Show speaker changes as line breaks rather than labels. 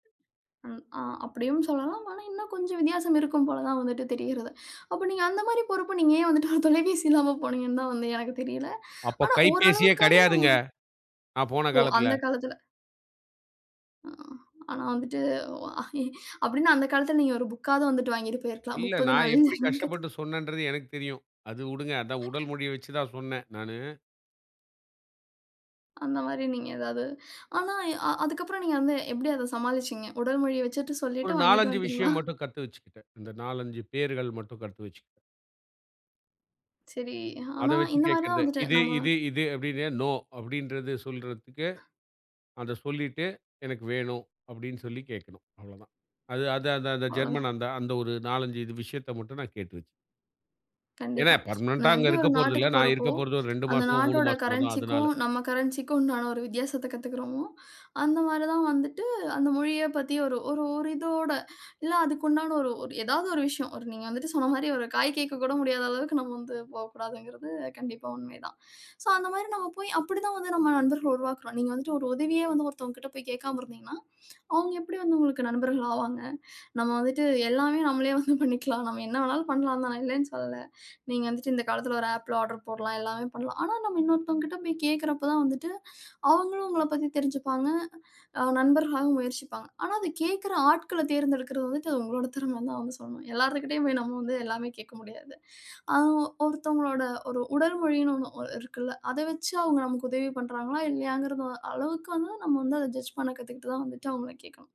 ம். ஆ. அப்டியும் சொல்லலாம். ஆனா இன்னும் கொஞ்சம் வித்தியாசம் இருக்கும் போல தான் வந்துட்டு தெரியறது. அப்ப நீங்க அந்த மாரி பொறுப்பு. நீங்க ஏன் வந்துட்டு ஒரு தொலைபேசி இல்லாம போனீங்கன்தா வந்து எனக்குத தெரியல.
அப்ப
ஆனா ஓரளவுக்காது
கைப்பேசியே கெடையாதுங்க.
நம்ம.
நான் போன
ஓ
காலத்துல.
அந்த காலத்துல. ஆ, ஆனா வந்துட்டு ஓ ஆஹீ அப்டின்னா அந்தக் காலத்துல நீங்க ஒரு புக்காது வந்துட்டு வாங்கிட்டு போயிருக்கலாம்.
இல்ல,
30
நான்
நாள்ல
எப்டி
ஜெர்மன் கத்து.
கஷ்டப்பட்டு சொன்னேன்றது எனக்குத் தெரியும். அத வுடுங்க. அத உடல் மொழிய வச்சுதான் சொன்னே நானு.
அந்த மாரி நீங்க ஏதாது. ஆனா அ அதுக்கப்புறம் நீங்க வந்து எப்டி அத சமாளிச்சீங்க? உடல்மொழி வச்சிட்டு
ஒரு
சொல்லிட்டு வாங்கிட்டு
4-5
வன்டிங்களா?
விஷயம் மட்டும் கத்து வச்சுக்கிட்டேன். அந்த 4-5 பெயர்கள் மட்டும் கத்து வச்சு.
சரி. அ
அத
ஆனா
வச்சு
இந்த மாதிரி தான்
கேக்கறதே.
வந்துட்டு
இது
நம்ம
இது இது அப்டின்னு நோ அப்டின்றது சொல்றதுக்கு. அத சொல்லிட்டு எனக்கு வேணும் அப்டின்னு சொல்லி கேக்கணும். அவ்ளோதான். அது அது அந்த
அவ்ளோ தான்.
ஜெர்மனாந்த, அந்த ஒரு 4-5 இது விஷயத்த மட்டும் நான் கேட்டு வச்சன். ஏன்னா
கண்டிப்பா.
பர்மனண்டா
நான்
அங்க
எப்டி
இருக்க
ஒரு
போறதுல்ல.
நாட்டுக்கு
நான்
போறப்போ
இருக்க போறது ஒரு 2
அந்த
மாசமோ, 3
நாட்டோட
மாசமோதான்.
கரன்சிக்கும்
அதனால.
நம்ம கரன்சிக்கும் உண்டான ஒரு வித்தியாசத்த கத்துக்குறமோ. அந்த மாரி தான் வந்துட்டு, அந்த மொழிய பத்தி ஒரு ஒரிதோட இல்ல அதுக்குண்டான ஒரு ஒரு எதாவது ஒரு விஷயம். ஒரு நீங்க வந்துட்டு சொன்ன மாரி ஒரு காய் கேக்க கூட முடியாத அளவுக்கு நாம போகக் கூடாதுங்கறது கண்டிப்பா உண்மை தான். சோ அந்த மாரி நம்ம போய் அப்டி தான் வந்து நம்ம நண்பர்கள் உருவாக்குறோம். நீங்க வந்துட்டு ஒரு உதவிய வந்து ஒருத்தங்கிட்ட போய் கேக்காம இருந்தீங்கன்னா. அவங்க எப்டி வந்து உங்களுக்கு நண்பர்கள் ஆவாங்க. நம்ம வந்துட்டு எல்லாமே நம்மளே வந்து பண்ணிக்கலாம். நம்ம என்ன வேணாலு பண்லாந்தா நான் இல்லனு சொல்ல. நீங்க வந்துட்டு இந்த காலத்துல ஒரு ஆப்ல ஆடர் போடலாம். எல்லாமே பண்ணலாம். ஆனா நம்ம இன்னொருத்தங்க கிட்ட போய் கேக்குறப்ப தான் வந்துட்டு அவங்களும் உங்கள பத்தி தெரிஞ்சுப்பாங்க. அ நண்பர்களாக முயற்சிப்பாங்க. ஆனா அத கேக்குற ஆட்கள தேர்ந்தெடுக்கிறது வந்துட்டு அது உங்களோட தெறம தான் [unintelligible] சொல்லணும். எல்லார்துகிட்டயும் போய் நம்ம வந்து எல்லாமே கேக்க முடியாது. அ ஒருத்தவங்களோட ஒரு உடல்மொழினு ஒண்ணு இருக்குல்ல. அத வச்சு அவங்க நமக்கு உதவி பண்றாங்களா இல்லையாங்கற அளவுக்கு வந்து நம்ம வந்து அத ஜட்ஜ் பண்ண கத்துக்கிட்டு தான் வந்துட்டு அவங்கள கேக்கணும்.